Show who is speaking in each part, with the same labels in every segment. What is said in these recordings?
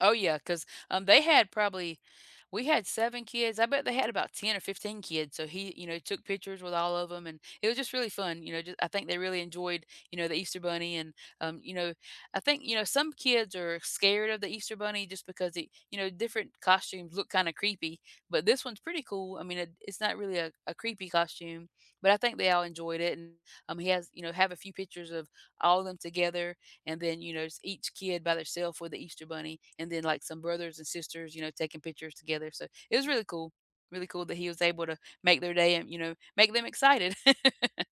Speaker 1: Oh yeah, 'cause, um, they had probably we had 7 kids, I bet they had about 10 or 15 kids, so he, you know, took pictures with all of 'em, and it was just really fun, you know, ju I think they really enjoyed, you know, the Easter Bunny, and, um, you know, I think, you know, some kids are scared of the Easter Bunny just because they you know, different costumes look kinda creepy, but this one's pretty cool. I mean it it's not really a a creepy costume, but I think they all enjoyed it and, um, he has you know, have a few pictures of all of them together and then, you know, s each kid by their self with the Easter Bunny and then, like, some brothers and sisters, you know, taking pictures together, so it was really cool, really cool that he was able to make their day and, you know, make them excited.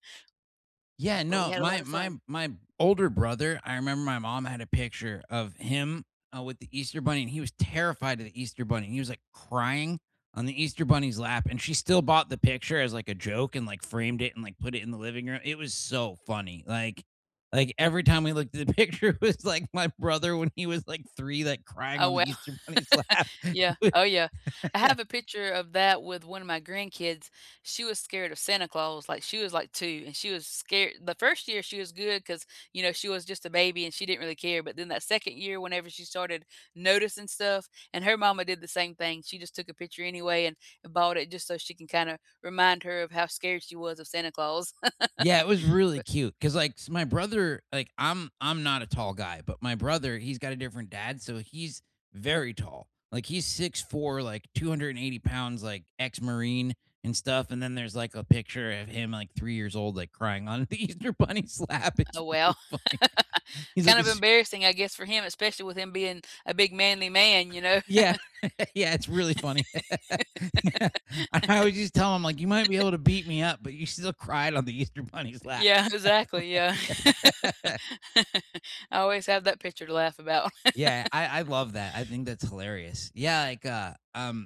Speaker 2: Yeah,
Speaker 1: But we
Speaker 2: no,
Speaker 1: had a
Speaker 2: my
Speaker 1: lotta
Speaker 2: my
Speaker 1: fun.
Speaker 2: my older brother, I remember my mom had a picture of him, uh, with the Easter Bunny, and he was terrified of the Easter Bunny, he was, like, crying on the Easter Bunny's lap and she still bought the picture as, like, a joke and, like, framed it and, like, put it in the living room, it was so funny, like like every time we looked at the picture, it was, like, my brother when he was, like, 3, like, crying
Speaker 1: Oh
Speaker 2: on the
Speaker 1: wow,
Speaker 2: Easter Bunny's lap.
Speaker 1: yeah, oh yeah, I have a picture of that with 1 of my grandkids. She was scared of Santa Claus, like, she was, like, 2, and she was scare the 1st year she was good 'cause, you know, she was just a baby and she didn't really care, but then, that 2nd year, whenever she started noticing stuff and her mama did the same thing, she just took a picture anyway and, uh, bought it just so she can kinda remind her of how scared she was of Santa Claus.
Speaker 2: Yeah, it was really
Speaker 1: But
Speaker 2: cute, 'cause, like, s my brother like, I'm I'm not a tall guy, but my brother, he's got a different dad, so he's very tall, like he's 6'4, like, 280 pounds, like, ex-Marine and stuff, and then there's, like, a picture of him at, like, 3 years old, like, crying on the Easter Bunny's lap, it's
Speaker 1: Oh wow.
Speaker 2: really funny. He's, like,
Speaker 1: Kind of
Speaker 2: "It's s"
Speaker 1: embarrassing, I guess, for him, especially with him being a big manly man, you know?
Speaker 2: Yeah, yeah, it's really funny. Yeah. And I would just tell him like, "You might be able to beat me up, but you still cried on the Easter Bunny's lap."
Speaker 1: Yeah, exactly, yeah. I always have that picture to laugh about.
Speaker 2: Yeah, I I love that, I think that's hilarious. Yeah, like, uh, um